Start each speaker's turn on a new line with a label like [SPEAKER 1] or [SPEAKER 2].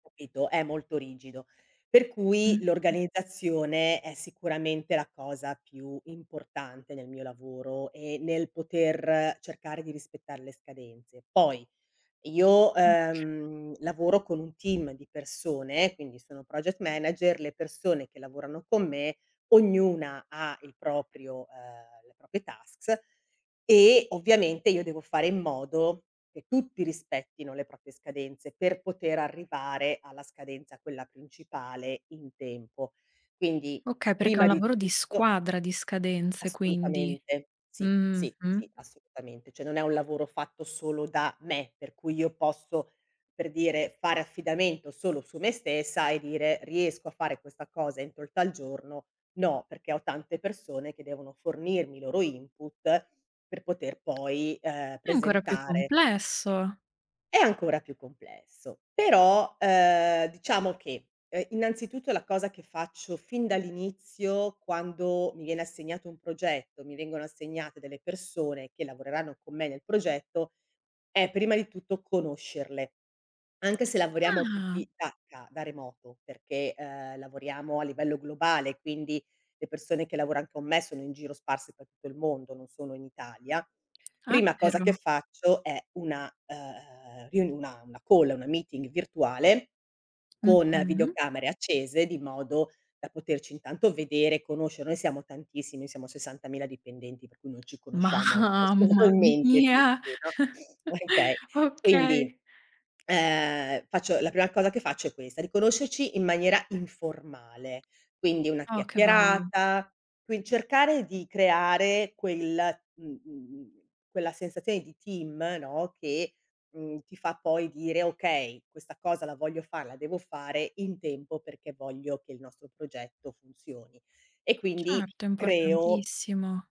[SPEAKER 1] Capito, è molto rigido. Per cui
[SPEAKER 2] Mh-mh.
[SPEAKER 1] l'organizzazione è sicuramente la cosa più importante nel mio lavoro e nel poter cercare di rispettare le scadenze. Poi io,
[SPEAKER 2] Mh.
[SPEAKER 1] ehm, lavoro con un team di persone, quindi sono project manager le persone che lavorano con me, ognuna ha il proprio, ehm, le proprie tasks e ovviamente io devo fare in modo che tutti rispettino le proprie scadenze per poter arrivare alla scadenza, quella principale, in tempo. Quindi
[SPEAKER 2] Okay, perché è un
[SPEAKER 1] prima di
[SPEAKER 2] lavoro di
[SPEAKER 1] tutto
[SPEAKER 2] squadra, di scadenze quindi.
[SPEAKER 1] Assolutamente. Sì, sì, sì,
[SPEAKER 2] Mh-mh-mh.
[SPEAKER 1] assolutamente. Cioè non è un lavoro fatto solo da me, per cui io posso, per dire, fare affidamento solo su me stessa e dire: "Riesco a fare questa cosa entro il giorno". No, perché ho tante persone che devono fornirmi i loro input per poter poi, ehm,
[SPEAKER 2] È ancora più
[SPEAKER 1] presentare
[SPEAKER 2] complesso.
[SPEAKER 1] È ancora più complesso. Però, ehm, diciamo che, ehm, innanzitutto la cosa che faccio fin dall'inizio quando mi viene assegnato un progetto, mi vengono assegnate delle persone che lavoreranno con me nel progetto, è prima di tutto conoscerle. Anche se lavoriamo
[SPEAKER 2] Ah.
[SPEAKER 1] tutti da ca da remoto, perché, ehm, lavoriamo a livello globale, quindi le persone che lavoran con me sono in giro sparse per tutto il mondo, non sono in Italia.
[SPEAKER 2] Ah
[SPEAKER 1] Prima cosa che
[SPEAKER 2] però.
[SPEAKER 1] faccio è una, ehm, riun una una call, una meeting virtuale con
[SPEAKER 2] Mh-mh.
[SPEAKER 1] videocamere accese di modo da poterci intanto vedere, conoscere, noi siamo tantissimi, noi siamo 60.000 dipendenti per cui non ci conosciamo
[SPEAKER 2] Mamma
[SPEAKER 1] personalmente
[SPEAKER 2] mia.
[SPEAKER 1] tutti, no okay. Quindi,
[SPEAKER 2] Okay.
[SPEAKER 1] ehm, faccio, la prima cosa che faccio è questa, di conoscerci in maniera informale, quindi una
[SPEAKER 2] Oh, che bello.
[SPEAKER 1] chiacchierata, qui cercare di creare quel uhm uhm uhm, quella sensazione di team, no, che, mhmm, ti fa poi dire: "Okay, questa cosa la voglio fare, la devo fare in tempo perché voglio che il nostro progetto funzioni". E quindi
[SPEAKER 2] Certo, è
[SPEAKER 1] creo
[SPEAKER 2] importantissimo.